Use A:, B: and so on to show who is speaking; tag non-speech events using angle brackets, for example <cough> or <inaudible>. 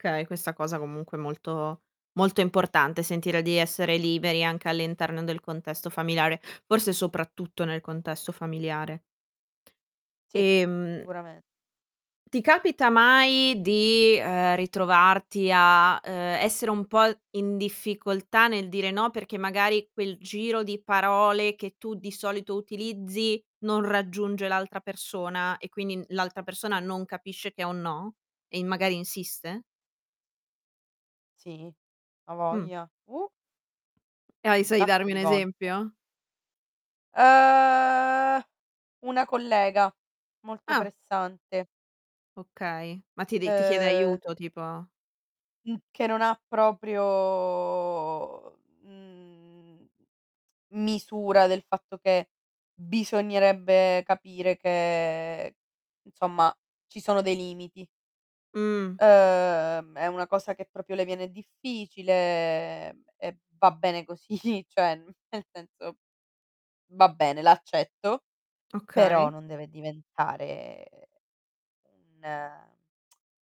A: Okay. Questa cosa comunque è molto molto importante, sentire di essere liberi anche all'interno del contesto familiare, forse soprattutto nel contesto familiare.
B: Sì,
A: Ehm
B: sicurame
A: ti capita mai di, ehm, ritrovarti a, ehm, essere un po' in difficoltà nel dire: "no", perché magari quel giro di parole che tu di solito utilizzi, non raggiunge l'altra persona e quindi n l'altra persona non capisce che è un no? E in magari insiste?
B: Sì. A
A: Mh.
B: voglia, uh!
A: E hai
B: Un
A: sai
B: sacco
A: darmi un
B: di volte.
A: esempio?
B: Uhm, una collega, molto
A: Ah.
B: pressante.
A: Okay. Ma ti dei ti chiede
B: Uhm
A: aiuto, tipo?
B: Mh, che non ha proprio, mhmm, misura del fatto che bisognerebbe capire che, insomma, ci sono dei limiti.
A: Mh.
B: Uhm, è una cosa che proprio le viene difficile, e va bene così. Cioè, n nel senso: va bene, l'accetto, però
A: Okay.
B: non deve diventare un <tsk>